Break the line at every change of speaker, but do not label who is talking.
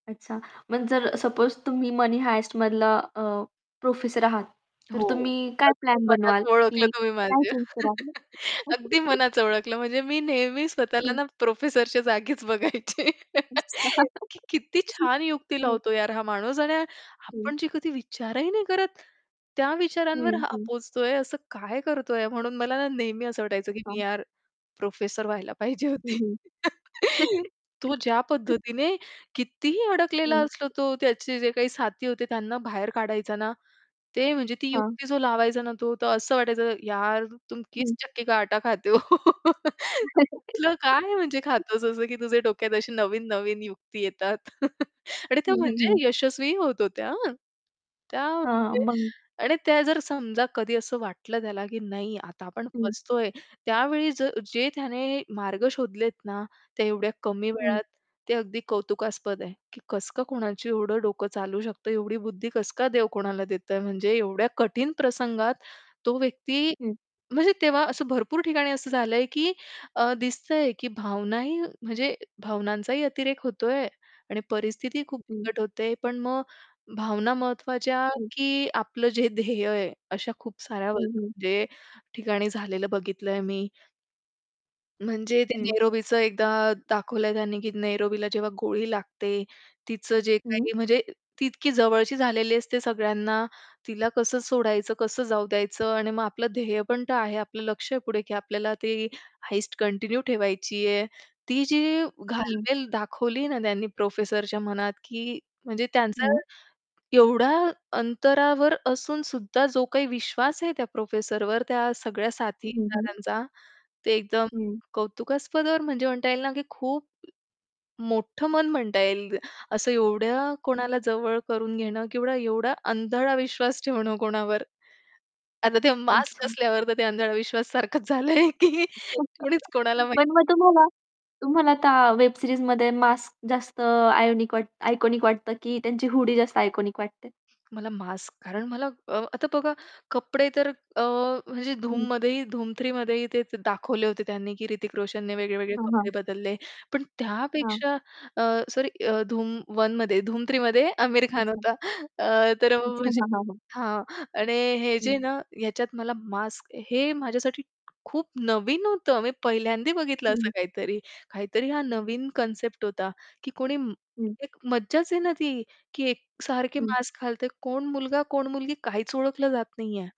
अच्छा! मग जर सपोज तुम्ही मनी हाइस्ट मधला अ, प्रोफेसर आहात तर
हो.
तुम्ही काय
अगदी
प्लॅन बनवाल
मनात ओळखलं
की
तुम्ही
काय
माझ्या.
चेंज कराल?
अगदी मनाचं ओळखलं म्हणजे मी नेहमी स्वतःला
हं.
ना प्रोफेसरच्या जागीच बघायची, की
[unintelligible]
किती छान युक्ती
हं.
लावतो यार हा माणूस आणि
हं.
आपण जे कधी विचारही नाही करत त्या
हं,
विचारांवर हा
हं.
पोहोचतोय असं काय करतोय म्हणून मला ना नेहमी असं वाटायचं की
हां.
मी यार प्रोफेसर व्हायला पाहिजे
हं,
होती.
हं.
तो ज्या पद्धतीने कितीही अडकलेला
हं.
असतो तो त्याचे जे काही साथी होते त्यांना बाहेर काढायचा ना, ते म्हणजे ती
हां.
युक्ती जो लावायचा ना तो तर असं वाटायचं यार तुम किस
हं.
चक्की का आटा खाते हो? तो कुठलं काय म्हणजे खातोस असं, की तुझ्या डोक्यात अशी नवीन-नवीन युक्ती येतात. आणि त्या
हं, हं, हं.
म्हणजे यशस्वीही होत होत्या हं. त्या
हां.
[unintelligible]
मग
आणि त्या जर समजा कधी असं वाटलं त्याला, की नाही आता आपण
हं.
फसतोय त्यावेळी जर जे त्याने मार्ग शोधलेत ना, त्या एवढ्या कमी
हं
वेळात ते अगदी कौतुकास्पद आहे, की कसं का कोणाची एवढं डोकं चालू शकतं? एवढी बुद्धी कस का देव कोणाला देतय? म्हणजे एवढ्या कठीण प्रसंगात तो व्यक्ती,
हं.
म्हणजे तेव्हा असं भरपूर ठिकाणी असं झालंय, की अ, दिसतंय की भावनाही म्हणजे भावनांचाही अतिरेक होतोय आणि परिस्थिती खूप
हं.
बिकट होते पण मग भावना महत्त्वाच्या,
हं.
की आपलं जे ध्येय आहे अशा खूप साऱ्या [unintelligible]
हं, हं.
म्हणजे ठिकाणी झालेलं बघितलंय मी. म्हणजे ते
हं.
नैरोबीचं एकदा दाखवलंय त्यांनी की नैरोबीला जेव्हा गोळी लागते. तिचं जे
हं.
काही म्हणजे ती इतकी जवळची झालेली असते सगळ्यांना तिला कसं सोडायचं कसं जाऊ द्यायचं आणि मग आपलं ध्येय पण तर आहे, आपलं लक्ष आहे पुढे, की आपल्याला ती हाईस्ट कंटिन्यू ठेवायची आहे, ती जी
हं.
घालमेल दाखवली ना त्यांनी प्रोफेसरच्या मनात, की म्हणजे त्यांचा
हं.
एवढ्या अंतरावर असून सुद्धा जो काही विश्वास आहे त्या प्रोफेसरवर त्या सगळ्या
हं, हं.
साथीदारांचा ते एकदम
हं.
कौतुकास्पद वर म्हणजे म्हणता येईल ना, की खूप मोठं मन म्हणता येईल असं एवढ्या
हं.
कोणाला जवळ करून घेणं किंवा एवढा अंधळा विश्वास ठेवणं कोणावर. आता ते मास्क
अच्छा!
असल्यावर तर ते अंधाळा विश्वास सारखंच झालंय, की कणीच कोणाला
पण
माहिती
मग
नाही.
तुम्हाला तुम्हाला आता वेब सीरीजमध्ये मास्क जास्त आयोनिक आयकॉनिक वाटतं की त्यांची हुडी जास्त आयकॉनिक वाटते.
मला मास्क कारण मला अ आता बघा कपडे तर अ, म्हणजे
हं.
धूममध्येही धूम 3 मध्येही ते दाखवले होते त्यांनी, की ऋतिक रोशनने वेगळे-वेगळे
हां,
कपडे
हां.
बदलले. पण
हां.
त्यापेक्षा अ, सॉरी धूम 1 मध्ये धूम 3 मध्ये आमिर खान
अच्छा!
होता. अ, तर
अच्छा!
म्हणजे
हां, हां, हां.
हां. आणि हे
हं.
जे ना ह्याच्यात मला मास्क हे माझ्यासाठी खूप नवीन होतं, मी पहिल्यांदा बघितलं असं
हं.
काहीतरी. काहीतरी हा नवीन कन्सेप्ट होता, की कोणी
हं.
एक मज्जाच आहे ना ती, की एकसारखे
हं.
मास्क घालतंय कोण मुलगा, कोण मुलगी काहीच ओळखलं जात नाही आहे.